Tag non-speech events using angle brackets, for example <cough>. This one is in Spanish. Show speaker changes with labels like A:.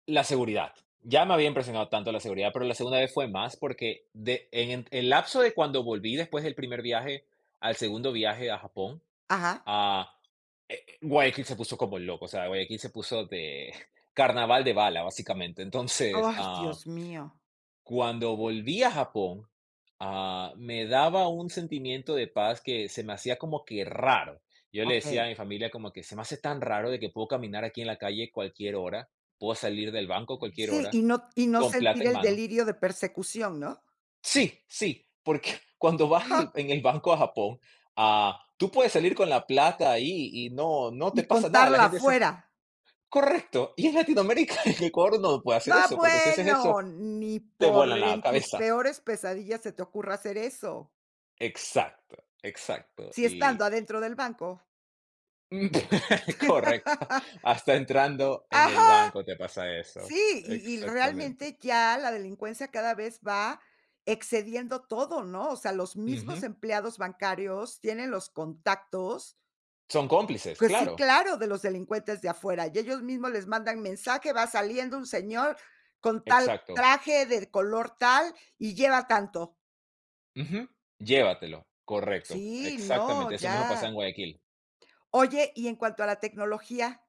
A: La seguridad. Ya me había impresionado tanto la seguridad, pero la segunda vez fue más, porque de en el lapso de cuando volví, después del primer viaje, al segundo viaje a Japón,
B: Ajá.
A: ah, eh, eh, Guayaquil se puso como loco. O sea, Guayaquil se puso de <chuckles> carnaval de bala, básicamente. Entonces
B: ¡Ay,
A: ah
B: Dios mío!
A: cuando volví a Japón, ah, me daba un sentimiento de paz, que se me hacía como que raro. Yo le decía
B: Okey.
A: a mi familia, como que se me hace tan raro, de que puedo caminar aquí en la calle, cualquier hora. Puedo salir del banco a cualquier
B: Sí,
A: hora,
B: y no y no
A: con plata
B: sentir
A: en
B: el
A: mano.
B: delirio de persecución, ¿no?
A: ¡Sí, sí! Porque <giggles> cuando vas el
B: ¡Ja!
A: en el banco a Japón, ah, tú puedes salir con la plata ahí, y no, no te
B: Y
A: pasa nada, la
B: contarla
A: gente se
B: afuera.
A: ¡correcto!, y en Latinoamérica en Ecuador, no se puede
B: ¡No,
A: hacer eso, porque si haces
B: bueno!
A: eso,
B: Ni
A: te
B: por
A: vuelan la
B: en tus
A: cabeza.
B: peores pesadillas se te ocurra hacer eso.
A: Exacto, exacto,
B: Si
A: y
B: estando adentro del banco.
A: Uh, <laughs> correcto,
B: <laughs>
A: hasta entrando en
B: ¡Ajá!
A: el banco te pasa eso.
B: Sí, y y
A: Exactamente.
B: realmente, ya la delincuencia, cada vez va excediendo todo, ¿no?, o sea, los mismos
A: Ujú.
B: empleados bancarios tienen los contactos.
A: Son cómplices,
B: Pues sí,
A: claro.
B: claro, de los delincuentes de afuera. Y ellos mismos les mandan mensaje: "Va saliendo un señor con tal
A: Exacto.
B: traje, de color tal y lleva tanto".
A: Ujú. Llévatelo. Correcto,
B: Sí, no,
A: exactamente, eso mismo pasa en
B: ya.
A: Guayaquil.
B: Oye, y en cuanto a la tecnología.